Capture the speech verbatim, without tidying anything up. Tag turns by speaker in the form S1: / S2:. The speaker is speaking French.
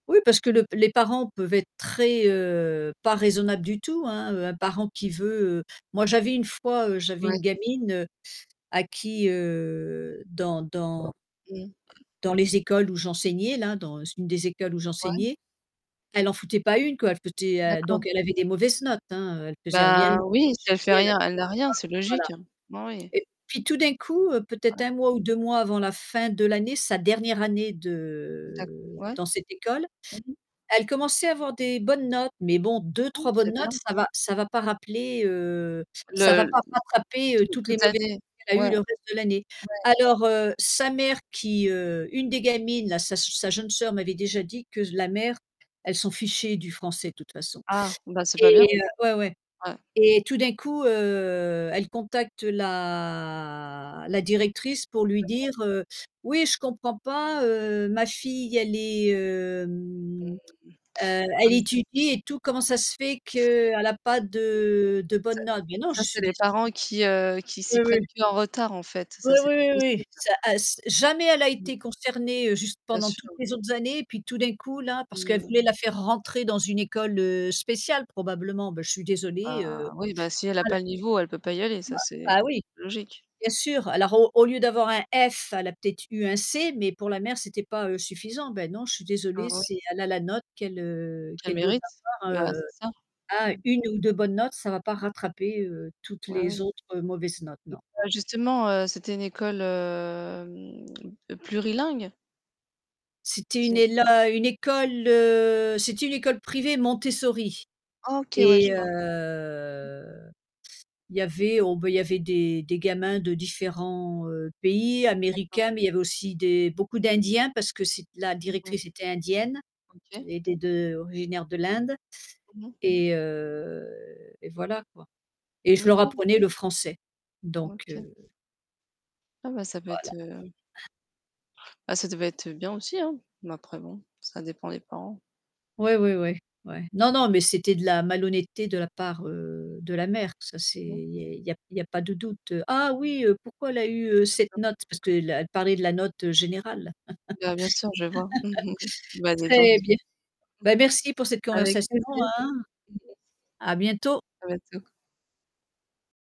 S1: Oui parce que le les parents peuvent être très, heu, pas raisonnables du tout, hein. Un parent qui veut moi j'avais une fois j'avais une
S2: Ouais.
S1: gamine à qui, heu dans dans
S2: Mmh.
S1: dans les écoles où j'enseignais là, dans une des écoles où
S2: Ouais.
S1: j'enseignais, elle en foutait pas une, quoi, elle foutait
S2: D'accord.
S1: donc elle avait des mauvaises notes, hein, elle faisait rien,
S2: Bah
S1: [unintelligible] jamais
S2: oui, si elle
S1: [unintelligible]
S2: fait
S1: pas de devoirs,
S2: rien, elle n'a rien, c'est
S1: voilà.
S2: logique, hein. Bah oui.
S1: Et puis tout d'un coup, heu, peut-être
S2: Ouais.
S1: un mois ou deux mois avant la fin de l'année, sa dernière année
S2: D'acc
S1: de
S2: ouais.
S1: dans cette école,
S2: Mmh mh.
S1: elle commençait à avoir des bonnes notes, mais bon
S2: Ah
S1: deux-trois
S2: mais
S1: bonnes
S2: c'est bien.
S1: notes, ça va ça va pas rappeler, heu, ça va pas
S2: Le
S1: rattraper, heu,
S2: tout
S1: toutes les
S2: toute
S1: mauvaises
S2: année,
S1: notes qu'elle a
S2: ouais.
S1: eues le
S2: Ouais.
S1: reste de l'année. Alors, heu, sa mère qui, heu une des gamines, là sa s sa jeune sœur m'avait déjà dit que s la mère, elle s'en fichait du français de toute façon.
S2: Ah bah c'est pas bien.
S1: Et ouais, ouais
S2: Ouais.
S1: et tout d'un coup, heu, elle contacte la la directrice pour lui
S2: D'accord.
S1: dire, heu: «Oui je comprends pas, heu, ma fille elle est, heu
S2: Mmh.
S1: mmh, heu,
S2: Ah
S1: elle
S2: mais c'est
S1: étudie et tout, comment ça se fait
S2: Mmh.
S1: qu'elle a pas
S2: Ça
S1: de de bonnes notes?» bien non,
S2: ça,
S1: je
S2: c'est
S1: suis
S2: les
S1: désol
S2: parents qui, heu, qui
S1: Oui,
S2: s'y
S1: oui.
S2: prennent plus en retard en fait,
S1: Oui,
S2: ça c'est
S1: oui, oui,
S2: pas
S1: oui,
S2: possible.
S1: ça, ass jamais elle a
S2: Mmh.
S1: été concernée juste
S2: Bien
S1: pendant toutes
S2: sûr.
S1: les autres années, puis tout d'un coup là, parce
S2: Mmh
S1: qu'elle
S2: mh.
S1: voulait la faire rentrer dans une école, heu, spéciale probablement, ben je suis désolée,
S2: Bah
S1: heu,
S2: oui, bah si elle a pas
S1: [unintelligible]
S2: le niveau, elle peut pas y aller,
S1: Bah
S2: ça c'est
S1: bah
S2: quelq
S1: oui.
S2: logique.
S1: Bien sûr. Alors au au lieu d'avoir un F, elle a peut-être eu un C, mais pour la mère, c'était pas, heu, suffisant. Ben non, suis désolée, c'est, elle a la note qu'elle, heu,
S2: Elle
S1: qu'elle doit
S2: mérite,
S1: avoir,
S2: bah
S1: heu,
S2: c'est ça.
S1: à
S2: Mmh.
S1: une ou deu bonnes notes, ça va pas rattraper, heu, toutes
S2: Bah
S1: les
S2: oui.
S1: autres mauvaises notes,
S2: Mmh,
S1: non.
S2: Bah, justement, heu, c'était une école, hem, plurilingue.
S1: C'était une
S2: C'est
S1: éla une école, heu, c'était une école privée Montessori
S2: OK, ouais, je
S1: et
S2: vois. Mmh.
S1: heu, il y avait, oh ben, il y avait des des gamins de différents, heu, pays.
S2: D'accord.
S1: Américains, mais il y avait aussi des beaucoup d'indiens parce que c'est la
S2: Mmh mh.
S1: directrice était indienne,
S2: OK.
S1: était de originaires de l'Inde
S2: Mmh mh.
S1: et heu et voilà, quoi. Et je leur
S2: OK.
S1: apprenais le français. Donc
S2: OK.
S1: heu
S2: Ah bah ça peut être,
S1: Voilà.
S2: heu Bah ça devait être bien aussi, hein. Mais après bon, ça dépend des parents.
S1: Ouais, ouais, ouais, ouais. Non non mais c'était de la malhonnêteté de la part, heu, de la mère, ça c'est
S2: Mmh.
S1: il y est il y a p il y a pas de doute. «Ah oui, heu, pourquoi elle a eu, heu, cette
S2: D'accord.
S1: note?» parce qu'elle parlait de la note générale.
S2: Bah bien sûr, je vois. Bah dis donc.
S1: Très bien. Ben merci pour cette
S2: Avec
S1: conversation,
S2: plaisir.
S1: hein.
S2: [unintelligible]
S1: À bientôt.
S2: À bientôt.